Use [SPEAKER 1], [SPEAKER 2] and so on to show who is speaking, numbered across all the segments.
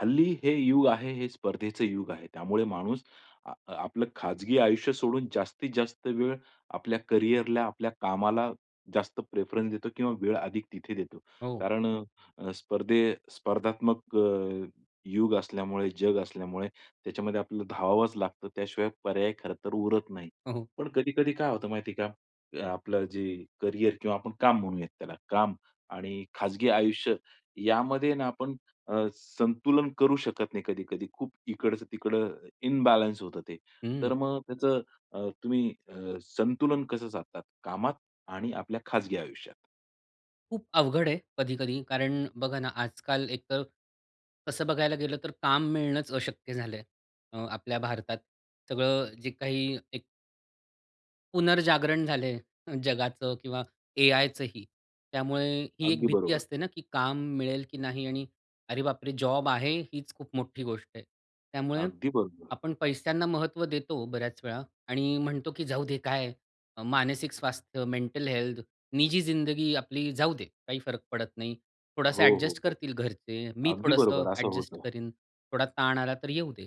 [SPEAKER 1] हल्ली हे युग आहे, हे स्पर्धेचं युग आहे. त्यामुळे माणूस अ, आपलं खाजगी आयुष्य सोडून जास्तीत जास्त वेळ आपल्या कॅरियरला आपल्या कामाला जास्त प्रिफरन्स देतो किंवा वेळ अधिक तिथे देतो.
[SPEAKER 2] हो.
[SPEAKER 1] कारण स्पर्धे स्पर्धात्मक अ, युग असल्यामुळे जग असल्यामुळे त्याच्यामध्ये आपल्याला धावावाच लागतं त्याशिवाय पर्याय खरंतर पुरत नाही.
[SPEAKER 2] हो.
[SPEAKER 1] पण कधी-कधी काय होतं माहिती आहे का आपलं जे कॅरियर किंवा आपण काम म्हणूयात त्याला काम आणि खाजगी आयुष्य यामध्ये ना, आपण अ, संतुलन करू शकत नाही कधी-कधी. खूप इकडचं तिकडं इम्बॅलन्स होतं ते.
[SPEAKER 2] हं.
[SPEAKER 1] तर मग त्याचं तुम्ही संतुलन कसं साधतात, कामात आणि आपल्या खाजगी आयुष्यात?
[SPEAKER 2] खूप अवघड आहे कधी-कधी कारण बघा ना, आजकाल एक तर तसं बघायला गेलं तर काम मिळणच अशक्य झालंय अ, आपल्या भारतात सगळं जे काही एक पुनर्जागरण झालंय, जगाचं किंवा एआयचंही त्यामुळे ही एक
[SPEAKER 1] अगदी
[SPEAKER 2] भीती
[SPEAKER 1] बरोबर.
[SPEAKER 2] असते ना, की काम मिळेल की नाही आणि "अरे बाप रे! जॉब आहे हीच खूप मोठी गोष्ट आहे." त्यामुळे
[SPEAKER 1] अगदी बरोबर.
[SPEAKER 2] आपण पैशांना महत्त्व देतो बऱ्याच वेळा आणि म्हणतो की "जाऊदे, काय मानसिक स्वास्थ्य, मेंटल हेल्थ, निजी जिंदगी आपली जाऊदे, काही फरक पडत नाही. थोडासा
[SPEAKER 1] हो, हो,
[SPEAKER 2] ॲडजस्ट
[SPEAKER 1] हो.
[SPEAKER 2] करतील घरचे, मी
[SPEAKER 1] अगदी
[SPEAKER 2] थोडंसं
[SPEAKER 1] बरोबर. असं
[SPEAKER 2] ॲडजस्ट
[SPEAKER 1] होतं.
[SPEAKER 2] करीन, थोडा ताण आला तर येऊ दे."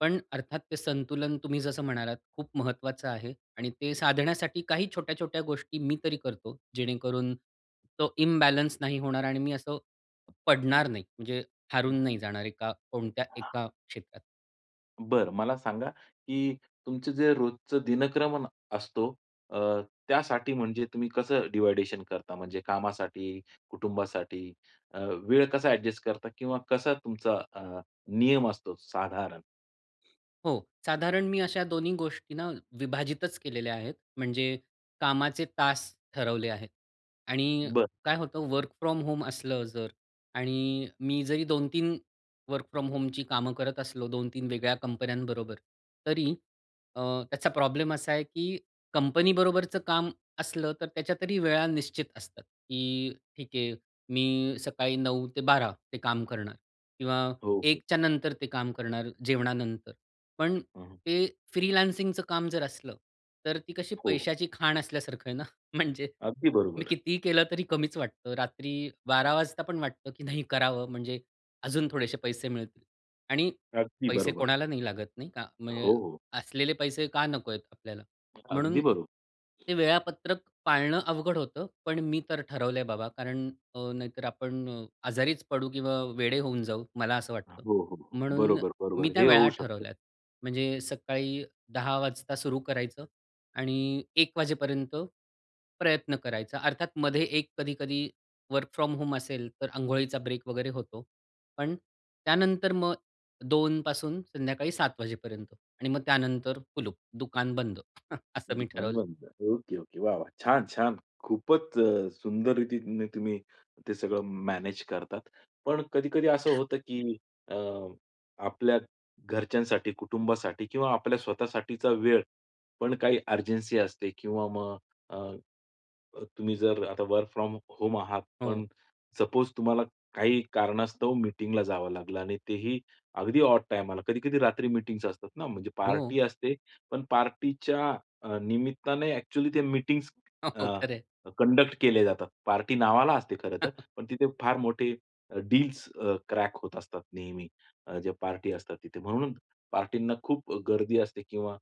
[SPEAKER 2] पण अर्थात ते संतुलन तुम्ही जसं म्हणालात खूप महत्त्वाचं आहे आणि ते साधण्यासाठी काही छोट्या-छोट्या गोष्टी मी तरी करतो जेणेकरून तो इम्बॅलन्स नाही होणार आणि मी असं पडणार नाही. म्हणजे हारून नाही जाणार एका कोणत्या एका क्षेत्रात.
[SPEAKER 1] बरं मला सांगा की तुमचं जे रोजचा दिनक्रमन असतो अ, त्यासाठी म्हणजे तुम्ही कसं डिव्हायडेशन करता म्हणजे कामासाठी कुटुंबासाठी अ, वेळ कसा ॲडजस्ट करता किंवा कसा तुमचा अ, नियम असतो साधारण?
[SPEAKER 2] हो, साधारण मी अशा दोन्ही गोष्टींना विभाजितच केलेल्या आहेत. म्हणजे कामाचे तास ठरवले आहेत आणि
[SPEAKER 1] बरं.
[SPEAKER 2] काय होतं, वर्क फ्रॉम होम असलं जर आणि मी जरी 2-3 वर्क फ्रॉम होमची कामं करत असलो, 2-3 वेगळ्या कंपन्यांबरोबर तरी अ, त्याचा प्रॉब्लेम असा आहे की कंपनी बरोबरचं काम असलं, तर त्याच्यात वेळा निश्चित असतात. की ठीक आहे मी सकाळी 9 ते 12 काम करणार किंवा
[SPEAKER 1] हो, हो,
[SPEAKER 2] 1च्या
[SPEAKER 1] हो.
[SPEAKER 2] नंतर ते काम करणार जेवणानंतर. पण
[SPEAKER 1] हं, हं.
[SPEAKER 2] ते फ्रीलान्सिंगच काम जर असलं, तर ती कशी
[SPEAKER 1] हो.
[SPEAKER 2] पैशाची खाण असल्यासारखं आहे ना, म्हणजे
[SPEAKER 1] अगदी
[SPEAKER 2] मी
[SPEAKER 1] बरोबर.
[SPEAKER 2] कितीही केलं तरी कमीच वाटतं. रात्री 12 वाजता पण वाटतं, की नाही करावं म्हणजे अजून थोडेसे पैसे मिळतील आणि
[SPEAKER 1] अगदी
[SPEAKER 2] पैसे
[SPEAKER 1] बरोबर.
[SPEAKER 2] कोणाला नाही लागत नाही का? म्हणजे
[SPEAKER 1] हो, हो.
[SPEAKER 2] असलेले पैसे का नको आहेत आपल्याला,
[SPEAKER 1] अगदी
[SPEAKER 2] म्हणून
[SPEAKER 1] बरोबर.
[SPEAKER 2] ते वेळापत्रक पाळणं अवघड होतं. पण मी तर ठरवलं आहे बाबा कारण अ, नाहीतर आपण अ, आजारीच पडू किंवा वेडे होऊन जाऊ मला असं वाटतं.
[SPEAKER 1] हो, हो, हो,
[SPEAKER 2] म्हणून
[SPEAKER 1] बरोबर,
[SPEAKER 2] मी
[SPEAKER 1] बरोबर
[SPEAKER 2] त्या
[SPEAKER 1] हे
[SPEAKER 2] वेळा
[SPEAKER 1] होऊ शकतं.
[SPEAKER 2] ठरवल्यात. म्हणजे सकाळी 10 वाजता सुरु करायचं आणि 1 वाजेपर्यंत प्रयत्न करायचा. अर्थात, मध्ये 1 कधी-कधी वर्क फ्रॉम होम असेल तर अंघोळीचा ब्रेक वगैरे होतो. पण त्यानंतर मग 2 पासून संध्याकाळी 7 वाजेपर्यंत आणि मग त्यानंतर कुलूप, दुकान बंद असं मी
[SPEAKER 1] दुकान
[SPEAKER 2] ठरवलं आहे.
[SPEAKER 1] बंद. Okay, okay. वाह, वाह! छान, छान. खूपच अ, सुंदर रीतीने तुम्ही ते सगळं मॅनेज करतात. पण कधी-कधी असं होतं की अ, आपल्या घरच्यांसाठी, कुटुंबासाठी किंवा आपल्या स्वतःसाठीचा वेळ पण काही अर्जन्सी असते किंवा मग अ, अ, तुम्ही जर आता वर्क फ्रॉम होम आहात.
[SPEAKER 2] हो.
[SPEAKER 1] पण सपोज तुम्हाला काही कारणास्तव मीटिंगला जावं लागलं आणि तेही अगदी ऑड टाईमाला, कधी-कधी रात्री मीटिंग्स असतात ना म्हणजे
[SPEAKER 2] हो.
[SPEAKER 1] पार्टी असते. पण पार्टीच्या अ, निमित्ताने ॲक्च्युअली त्या मीटिंग्स
[SPEAKER 2] हो,
[SPEAKER 1] अ,
[SPEAKER 2] हो. खरं आहे.
[SPEAKER 1] कंडक्ट केले जातात. पार्टी नावाला असते खरं तर, पण तिथे फार मोठे डील्स अ, क्रॅक होत असतात, नेहमी ज्या पार्टी असतात तिथे, म्हणून पार्टीना खूप गर्दी असते किंवा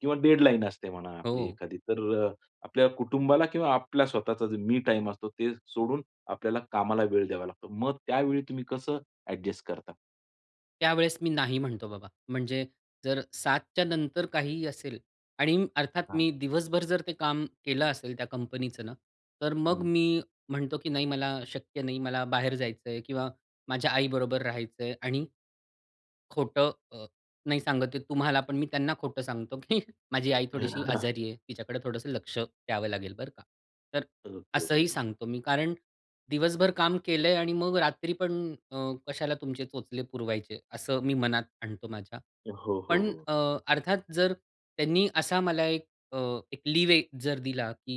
[SPEAKER 1] किंवा डेडलाईन असते म्हणा आपली
[SPEAKER 2] हो.
[SPEAKER 1] एखादी. तर अ, आपल्या कुटुंबाला किंवा आपल्या स्वतःचा मी टाईम असतो ते सोडून, आपल्याला कामाला वेळ द्यावा लागतो. मग त्यावेळी तुम्ही कसं ॲडजस्ट करता?
[SPEAKER 2] त्यावेळेस मी नाही म्हणतो बाबा. म्हणजे जर 7:00च्या नंतर काहीही असेल आणि अर्थात
[SPEAKER 1] हां.
[SPEAKER 2] मी दिवसभर जर ते काम केलं असेल त्या कंपनीचं ना, तर मग
[SPEAKER 1] हं.
[SPEAKER 2] मी म्हणतो की "नाही, मला शक्य नाही, मला बाहेर जायचंय" किंवा माझ्या आई बरोबर राहायचंय आणि खोटं अ, नाही सांगत आहे, तुम्हालापण. मी त्यांना खोटं सांगतो, की माझी आई थोडीशी आजारी आहे. तिच्याकडे थोडंसं लक्ष द्यावं लागेल बरं का. तर
[SPEAKER 1] ओके, ओके,
[SPEAKER 2] असंही
[SPEAKER 1] ओके.
[SPEAKER 2] सांगतो मी. कारण दिवसभर काम केलंय आणि मग रात्री पण अ, कशाला तुमचे चोचले पुरवायचे, असं मी मनात आणतो माझ्या.
[SPEAKER 1] हो, हो,
[SPEAKER 2] पण
[SPEAKER 1] हो.
[SPEAKER 2] अ, अर्थात जर त्यांनी असा मला एक अ, एक लीव्ह जर दिला की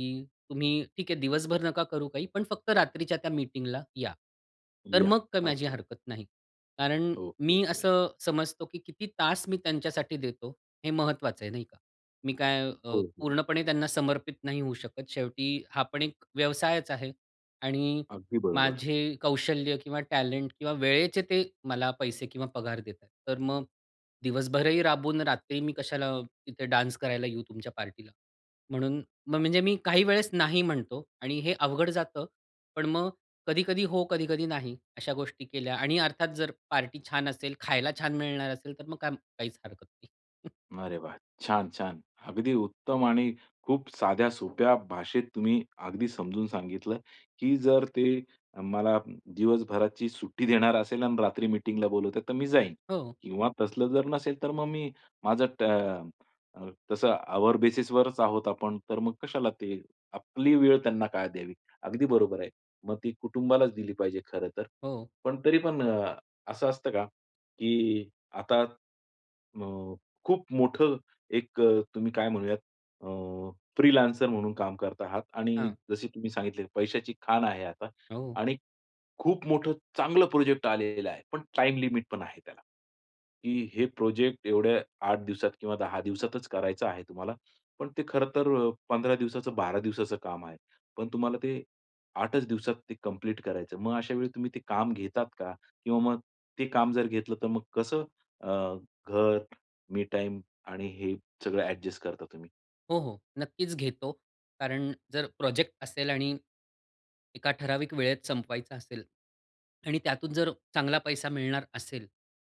[SPEAKER 2] "तुम्ही ठीक आहे, दिवसभर नका करू काही पण फक्त रात्रीच्या त्या मीटिंगला या." तर
[SPEAKER 1] या.
[SPEAKER 2] मग काही माझी
[SPEAKER 1] अच्छा.
[SPEAKER 2] हरकत नाही. कारण
[SPEAKER 1] ओके,
[SPEAKER 2] मी
[SPEAKER 1] ओके.
[SPEAKER 2] असं समजतो, की किती तास मी त्यांच्यासाठी देतो हे महत्वाचं आहे, नाही का? मी काय अ,
[SPEAKER 1] हो, हो.
[SPEAKER 2] पूर्णपणे त्यांना समर्पित नाही होऊ शकत. शेवटी हा पण एक व्यवसायचं आहे आणि
[SPEAKER 1] अगदी बरोबर.
[SPEAKER 2] माझे कौशल्य किंवा टॅलेंट किंवा वेळेचे ते मला पैसे किंवा पगार देत आहेत. तर मग दिवसभरही राबवून रात्री मी कशाला इथे डान्स करायला येऊ तुमच्या पार्टीला. म्हणून मग, म्हणजे मी काही वेळेस नाही म्हणतो आणि हे अवघड जातं. पण मग कधी-कधी हो, कधी-कधी नाही, अशा गोष्टी केल्या आणि अर्थात जर पार्टी छान असेल, खायला छान मिळणार असेल तर मग काय? काहीच हरकत नाही.
[SPEAKER 1] अरे वाह. छान, छान. अगदी उत्तम आणि खूप साध्या, सोप्या भाषेत तुम्ही अगदी समजून सांगितलं, की जर ते अ, मला दिवसभराची सुट्टी देणार असेल आणि रात्री मीटिंगला बोलवतात, तर मी जाईन
[SPEAKER 2] हो.
[SPEAKER 1] किंवा तसलं जर नसेल, तर मग मी माझं त अ, तसं आवर बेसिसवरच आहोत आपण तर मग कशाला ते आपली वेळ त्यांना काय द्यावी. अगदी बरोबर आहे. मग ती कुटुंबालाच दिली पाहिजे खरंतर.
[SPEAKER 2] हो.
[SPEAKER 1] पण तरीपण अ, असं असतं का? की आता अ, खूप मोठं एक अ, तुम्ही काय म्हणूयात अ, फ्रीलान्सर म्हणून काम करत आहात आणि
[SPEAKER 2] हां.
[SPEAKER 1] जसे तुम्ही सांगितले पैशाची खाण आहे आता
[SPEAKER 2] हो.
[SPEAKER 1] आणि खूप मोठं चांगलं प्रोजेक्ट आलेला आहे. पण टाईम लिमिट पण आहे त्याला, की हे प्रोजेक्ट एवढ्या 8 दिवसात किंवा 10 दिवसातचं करायचं आहे तुम्हाला पण ते खरंतर 15 दिवसाचं, 12 दिवसाचं काम आहे. पण तुम्हाला ते 8चं दिवसात ते कंप्लीट करायचं. मग अशा वेळी तुम्ही ते काम घेतात का? किंवा मग ते काम जर घेतलं तर मग कसं अ, घर मी टाईम आणि हे सगळं ॲडजस्ट करता तुम्ही?
[SPEAKER 2] हो, हो, नक्कीच घेतो. कारण जर प्रोजेक्ट असेल आणि एका ठराविक वेळेत संपवायचं असेल आणि त्यातून जर चांगला पैसा मिळणार असेल,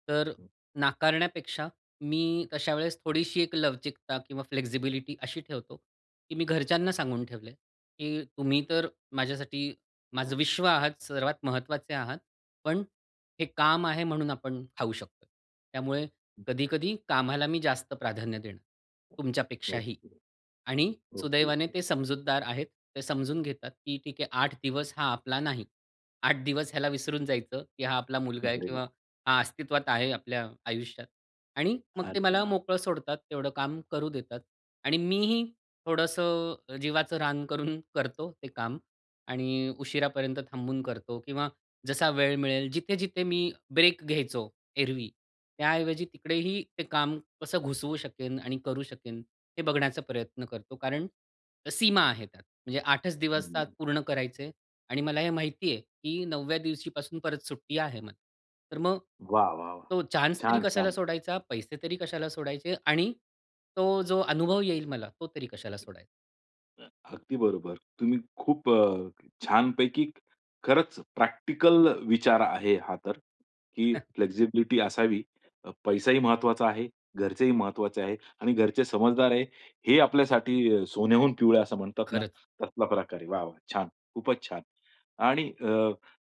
[SPEAKER 2] तर
[SPEAKER 1] हं.
[SPEAKER 2] नाकारण्यापेक्षा मी अशा वेळेस थोडीशी एक लवचिकता किंवा फ्लेक्सिबिलिटी अशी ठेवतो, की मी घरच्यांना सांगून ठेवलंय की तुम्ही तर माझ्यासाठी माझं विश्व आहात सर्वात महत्वाचे आहात, पण हे काम आहे म्हणून आपण खाऊ शकतोय. त्यामुळे
[SPEAKER 1] हं.
[SPEAKER 2] कधी-कधी कामाला मी जास्त प्राधान्य देणं, तुमच्यापेक्षाही.
[SPEAKER 1] ओके.
[SPEAKER 2] आणि
[SPEAKER 1] ओके,
[SPEAKER 2] सुदैवाने
[SPEAKER 1] ओके.
[SPEAKER 2] ते समजूतदार आहेत. ते समजून घेतात की "ठीक आहे, 8 दिवस हा आपला नाही, 8 दिवस ह्याला विसरून जायचं, की हा आपला मुलगा आहे
[SPEAKER 1] अरे
[SPEAKER 2] किंवा
[SPEAKER 1] वाह!
[SPEAKER 2] हा अस्तित्वात आहे आपल्या आयुष्यात" आणि मग ते मला
[SPEAKER 1] अच्छा.
[SPEAKER 2] मोकळं सोडतात, तेवढं काम करू देतात. आणि मीही थोडंसं जीवाचं रान करून करतो ते काम. आणि उशिरापर्यंत थांबून करतो किंवा जसा वेळ मिळेल जिथे-जिथे मी ब्रेक घ्यायचो एरवी, त्याऐवजी तिकडेही ते काम कसं घुसवू शकेन आणि करू शकेन, हे बघण्याचा प्रयत्न करतो, कारण सीमा आहे त्यात, म्हणजे 8
[SPEAKER 1] हं,
[SPEAKER 2] दिवसात
[SPEAKER 1] हं.
[SPEAKER 2] पूर्ण करायचंय आणि मला हे माहिती आहे की 9वव्या दिवशीपासून परत सुट्टी आहे मला. तर मग
[SPEAKER 1] वाह! वाह! वाह!
[SPEAKER 2] तो चान्सतरी
[SPEAKER 1] छान,
[SPEAKER 2] कशाला
[SPEAKER 1] छान.
[SPEAKER 2] सोडायचा, पैसेतरी कशाला सोडायचे आणि तो जो अनुभव येईल मला, तो तरी कशाला सोडायचा.
[SPEAKER 1] हं, अगदी बरोबर. तुम्ही खूप अ, छानपैकी खरंच प्रॅक्टिकल विचार आहे हा तर, की फ्लेक्सिबिलिटी असावी अ, पैसाही महत्वाचा आहे. घरचेही महत्वाचे आहे. आणि घरचे समजदार आहे, हे आपल्यासाठी सोन्याहून पिवळ असं म्हणतात ना,
[SPEAKER 2] खरंच.
[SPEAKER 1] तसला प्रकार आहे. वाह, वाह! छान! खूपच छान! आणि अ,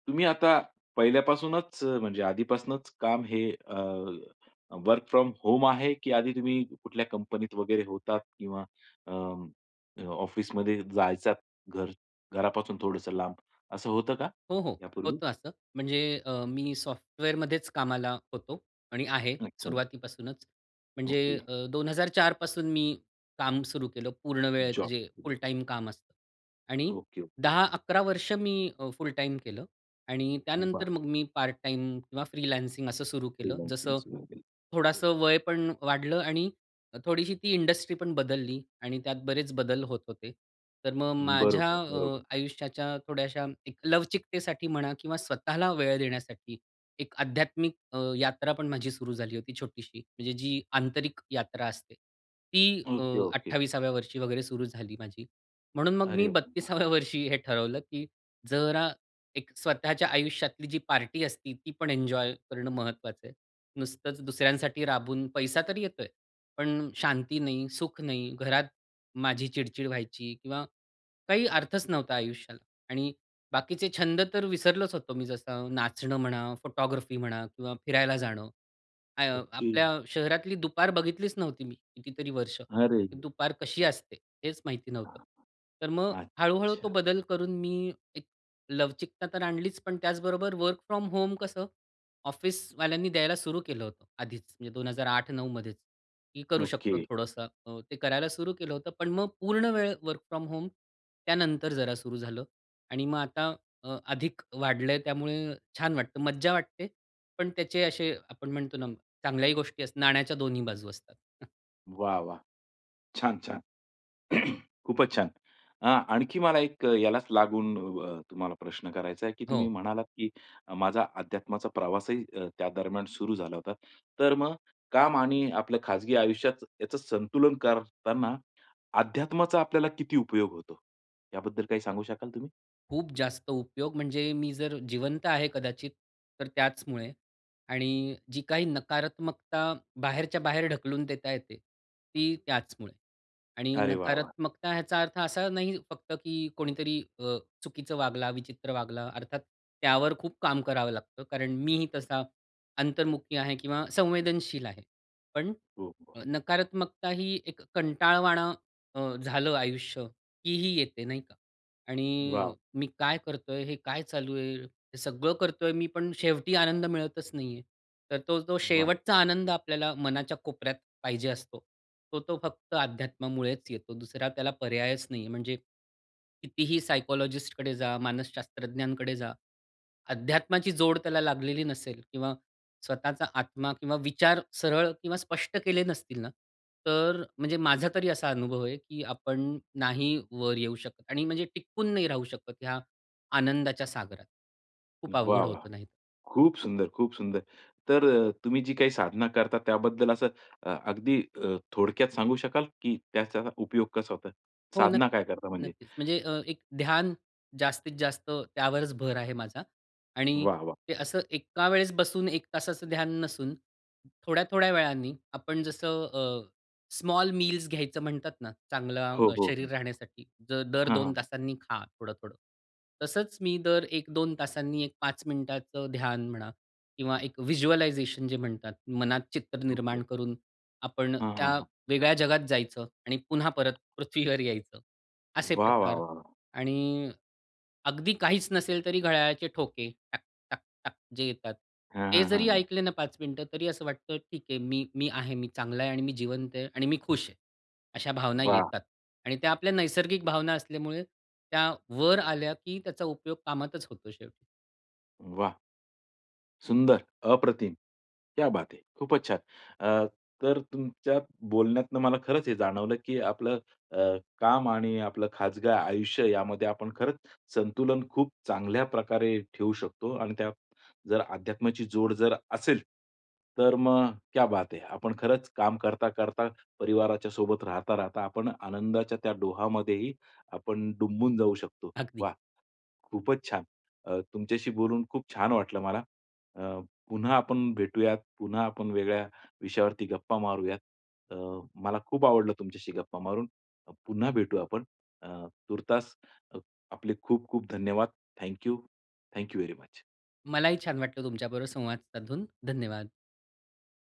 [SPEAKER 1] तुम्ही आता पहिल्यापासूनच म्हणजे आधीपासूनच काम हे अ, वर्क फ्रॉम होम आहे की आधी तुम्ही कुठल्या कंपनीत वगैरे होतात किंवा अं, अ, ऑफिसमध्ये जायचात घर घरापासून थोडंसं लांब, असं होतं का
[SPEAKER 2] हो, हो.
[SPEAKER 1] यापूर्वी?
[SPEAKER 2] होतं असं. म्हणजे अ, मी सॉफ्टवेअरमध्येच कामाला होतो आणि आहे,
[SPEAKER 1] अच्छा.
[SPEAKER 2] सुरुवातीपासूनच. म्हणजे
[SPEAKER 1] ओके.
[SPEAKER 2] अ, 2004 पासून मी काम सुरु केलं, पूर्ण वेळेचं
[SPEAKER 1] जॉब
[SPEAKER 2] जे
[SPEAKER 1] सुरू
[SPEAKER 2] फुल
[SPEAKER 1] केला.
[SPEAKER 2] टाईम काम असतं आणि
[SPEAKER 1] ओके, ओके.
[SPEAKER 2] 10-11 वर्ष मी अ, फुल टाईम केलं आणि त्यानंतर
[SPEAKER 1] बरं.
[SPEAKER 2] मग मी पार्ट टाईम किंवा फ्रीलान्सिंग असं सुरु केलं.
[SPEAKER 1] फ्रीलान्सिंग
[SPEAKER 2] जसं
[SPEAKER 1] सुरू केले.
[SPEAKER 2] थोडंसं वय पण वाढलं आणि थोडीशी ती इंडस्ट्री पण बदलली. आणि त्यात बरेच बदल होत होते. तर मग
[SPEAKER 1] हं,
[SPEAKER 2] माझ्या
[SPEAKER 1] बरोबर,
[SPEAKER 2] अ,
[SPEAKER 1] बरोबर.
[SPEAKER 2] आयुष्याच्या थोड्याश्या एक लवचिकतेसाठी म्हणा किंवा स्वतःला वेळ देण्यासाठी एक आध्यात्मिक अ, यात्रा पण माझी सुरु झाली होती छोटीशी, म्हणजे जी आंतरिक यात्रा असते. ती अ,
[SPEAKER 1] ओके, ओके.
[SPEAKER 2] 28व्या वर्षी वगैरे सुरु झाली माझी. म्हणून मग मी
[SPEAKER 1] अरे व वाह!
[SPEAKER 2] 32व्या वर्षी हे ठरवलं की जरा एक स्वतःच्या आयुष्यातली जी पार्टी असती, ती पण एन्जॉय करणं महत्वाचं आहे. नुसतंच दुसऱ्यांसाठी राबून, पैसा तर येतोय, पण शांती नाही, सुख नाही. घरात माझी चिड-चिड व्हायची किंवा काही अर्थच नव्हता आयुष्याला आणि बाकीचे छंद तर विसरलोच होतो मी, जसं नाचणं म्हणा, फोटोग्राफी म्हणा किंवा फिरायला जाणं. आ अ,
[SPEAKER 1] ओके.
[SPEAKER 2] आपल्या शहरातली दुपार बघितलीच नव्हती मी, कितीतरी वर्ष.
[SPEAKER 1] अरेरे!
[SPEAKER 2] की दुपार कशी असते, हेच माहिती नव्हतं.
[SPEAKER 1] हां.
[SPEAKER 2] तर मग हळू-हळू तो
[SPEAKER 1] अच्छा.
[SPEAKER 2] बदल करून मी एक लवचिकता तर आणलीच, पण त्याचबरोबर वर्क फ्रॉम होम कसं ऑफिसवाल्यांनी द्यायला सुरू केलं होतं, आधीच, म्हणजे 2008-9 मध्येच मी करू शकतो
[SPEAKER 1] ओके.
[SPEAKER 2] थोडंसं. अ, ते करायला सुरू केलं होतं. पण मग पूर्ण वेळ वर्क फ्रॉम होम त्यानंतर जरा सुरू झालं आणि मग आता अ, अधिक वाढलंय त्यामुळे छान वाटतं, मज्जा वाटते, पण त्याचे असे आपण म्हणतो ना, चांगल्याही गोष्टी असतात, नाण्याच्या दोन्ही बाजू असतात.
[SPEAKER 1] वाह! वाह! छान, छान. खूपच छान, आ आणखी मला एक यालाच लागून अ, तुम्हाला प्रश्न करायचा आहे, की तुम्ही
[SPEAKER 2] हो.
[SPEAKER 1] म्हणालात की माझा अध्यात्माचा प्रवासही अ, त्या दरम्यान सुरू झाला होता. तर मग काम आणि आपल्या खाजगी आयुष्यात याच संतुलन करतांना, अध्यात्माचा आपल्याला किती उपयोग होतो, याबद्दल काही सांगू शकाल तुम्ही?
[SPEAKER 2] खूप जास्त उपयोग, म्हणजे मी जर जिवंत आहे कदाचित तर त्याचमुळे. आणि जी काही नकारात्मकता बाहेरच्या, बाहेर ढकलून देता येते, ती त्याचमुळे आणि
[SPEAKER 1] अरे वाह! वाह!
[SPEAKER 2] नकारात्मकता ह्याचा अर्थ असा नाही फक्त की कोणीतरी अ, चुकीचं वागला, विचित्र वागला अर्थात त्यावर खूप काम करावं लागतं. कारण मीही तसा अंतर्मुखी आहे किंवा संवेदनशील आहे. पण
[SPEAKER 1] हो, हो.
[SPEAKER 2] नकारात्मकता ही एक कंटाळवाण अ, झालं आयुष्य की ही येते नाही का? आणि
[SPEAKER 1] वाव!
[SPEAKER 2] मी काय करतोय, हे काय चालू आहे? हे सगळं करतोय मी, पण शेवटी आनंद मिळतच नाहीये. तर तो जो
[SPEAKER 1] वाह!
[SPEAKER 2] शेवटचा आनंद आपल्याला मनाच्या कोपऱ्यात पाहिजे असतो. तो तो फक्त अध्यात्मामुळेच येतो. दुसरा त्याला पर्यायच नाहीये. म्हणजे कितीही सायकॉलॉजिस्टकडे जा, मानसशास्त्रज्ञांकडे जा. अध्यात्माची जोड त्याला लागलेली नसेल किंवा स्वतःचा आत्मा किंवा विचार सरळ किंवा स्पष्ट केले नसतील ना, तर म्हणजे माझा तरी असा अनुभव आहे की आपण नाही वर येऊ शकत. आणि म्हणजे टिकून नाही राहू शकत, ह्या आनंदाच्या सागरात. खूप
[SPEAKER 1] वाह!
[SPEAKER 2] अवघड
[SPEAKER 1] वाह!
[SPEAKER 2] होतं नाही
[SPEAKER 1] खूप सुंदर, खूप सुंदर. तर अ, तुम्ही जी काही साधना करता त्याबद्दल असं अ, अगदी अ, थोडक्यात सांगू शकाल, की त्याचा उपयोग कसा होतो.
[SPEAKER 2] हो, नक्क
[SPEAKER 1] साधना काय करता म्हणजे?
[SPEAKER 2] नक्कीच. म्हणजे अ, एक ध्यान जास्तीत जास्त त्यावरच भर आहे माझा. आणि
[SPEAKER 1] वाह! वाह!
[SPEAKER 2] ते असं एका वेळेस बसून 1 तासाचं ध्यान नसून थोड्या-थोड्या वेळानी आपण जसं अ, स्मॉल मील्स घ्यायचं म्हणतात ना, चांगलं
[SPEAKER 1] हो, हो, हं.
[SPEAKER 2] शरीर राहण्यासाठी दर
[SPEAKER 1] हां,
[SPEAKER 2] 2
[SPEAKER 1] हां.
[SPEAKER 2] तासांनी खा थोडं-थोडं. तसंच मी दर 1-2 तासांनी एक 5 मिनिटाचं ध्यान म्हणा किंवा एक व्हिज्युअलायझेशन जे म्हणतात. मनात चित्र
[SPEAKER 1] ओके.
[SPEAKER 2] निर्माण करून आपण
[SPEAKER 1] हां, हां,
[SPEAKER 2] त्या
[SPEAKER 1] हां.
[SPEAKER 2] वेगळ्या जगात जायचं आणि पुन्हा परत पृथ्वीवर यायचं. असे
[SPEAKER 1] वाह! वाह!
[SPEAKER 2] प्रकार
[SPEAKER 1] वाह! वाह!
[SPEAKER 2] आणि अगदी काहीच नसेल तरी घड्याळाचे ठोके टक-टक-टक जे येतात.
[SPEAKER 1] हां,
[SPEAKER 2] ते
[SPEAKER 1] हां,
[SPEAKER 2] जरी
[SPEAKER 1] हां, हां.
[SPEAKER 2] ऐकले ना, 5 मिनिटं तरी असं वाटतं, "ठीक आहे मी, मी आहे मी चांगला आहे आणि मी जिवंत आहे आणि मी खुश आहे." अशा भावना
[SPEAKER 1] वाह!
[SPEAKER 2] येतात. आणि त्या आपल्या नैसर्गिक भावना असल्यामुळे त्या वर आल्या की त्याचा उपयोग कामातच होतो शेवटी.
[SPEAKER 1] वाह! सुंदर. अप्रतिम, क्या बात है! खूपचं छान. अ, तर तुमच्या बोलण्यातून मला खरंच हे जाणवलं की आपलं अ, काम आणि आपलं खाजगी आयुष्यामध्ये आपण खरंच संतुलन खूप चांगल्या प्रकारे ठेवू शकतो. आणि त्यात जर अध्यात्माची जोड जर असेल, तर मग क्या बात है! आपण खरंचं काम करता-करता परिवाराच्या सोबत राहता-राहता, आपण आनंदाच्या त्या डोहामध्येही आपण डुंबून जाऊ शकतो.
[SPEAKER 2] अगदी.
[SPEAKER 1] वाह! खूपचं छान. अ, तुमच्याशी बोलून खूप छान वाटलं मला. अ, पुन्हा आपण भेटूयात, पुन्हा आपण वेगळ्या विषयावरती गप्पा मारूयात. अ, मला खूप आवडलं तुमच्याशी गप्पा मारून. पुन्हा भेटूया आपण अ, तूर्तास आपले खूप, खूप धन्यवाद. Thank you, thank you very much.
[SPEAKER 2] मलाही छान वाटलं, तुमच्याबरोबर संवाद साधून. धन्यवाद.